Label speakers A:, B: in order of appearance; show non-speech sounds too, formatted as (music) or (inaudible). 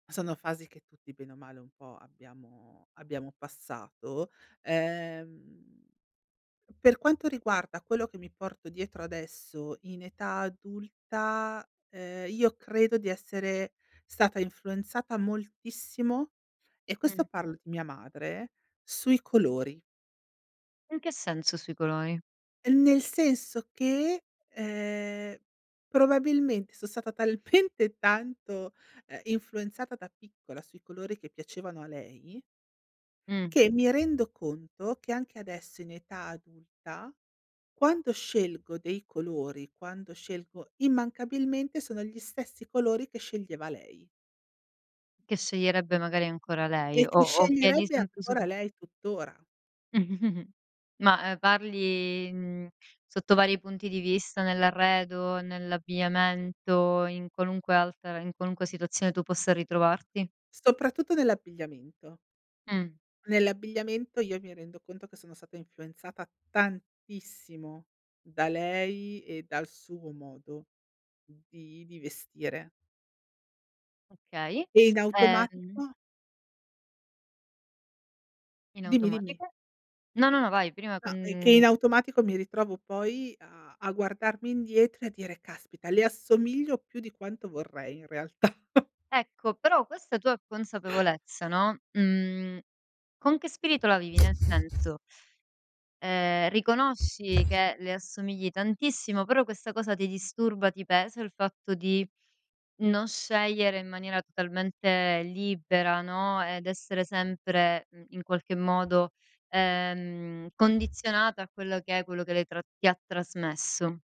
A: Sono fasi che tutti bene o male un po' abbiamo abbiamo passato. Ehm per quanto riguarda quello che mi porto dietro adesso in età adulta, uhm, io credo di essere stata influenzata moltissimo, e
B: Mh.
A: questo parlo di mia madre, sui colori.
B: In che senso sui colori?
A: Uhm, nel senso che, ehm, probabilmente son stata talmente tanto, ehm, influenzata da piccola sui colori che piacevano a lei
B: Mh.
A: che mi rendo conto che, anche adesso in età adulta, quando scelgo dei colori, quando scelgo immancabilmente sono gli stessi colori che sceglieva lei
B: Che sceglierebbe magari ancora lei
A: e
B: o
A: che
B: o che è
A: sceglierebbe ancora
B: (unintelligible)
A: lei tuttora.
B: (chuckles) Ma, uhm, parli, mhmm, sotto vari punti di vista, nell'arredo, nell'abbigliamento, in qualunque altra in qualunque situazione tu possa ritrovarti?
A: Soprattutto nell'abbigliamento.
B: Mh.
A: Nell'abbigliamento io mi rendo conto che sono stata influenzata tantissimo, da lei e dal suo modo di di vestire.
B: Okay.
A: E in
B: Ehm.
A: automatico
B: In
A: Dimmi, dimmi.
B: automatico? No, no, no vai prima
A: No, e che in
B: con
A: automatico mi ritrovo poi a a guardarmi indietro e a dire: "Caspita! Le assomiglio più di quanto vorrei, in realtà". (chuckles)
B: Ecco, però questa tua consapevolezza, no, mhmm, con che spirito la vivi? Nel senso, ehm, riconosci che le assomigli tantissimo, però questa cosa ti disturba? Ti pesa il fatto di non scegliere in maniera totalmente libera, no, ed essere sempre, mhmm, in qualche modo ehm, condizionata a quello che è, quello che lei tra ti ha trasmesso?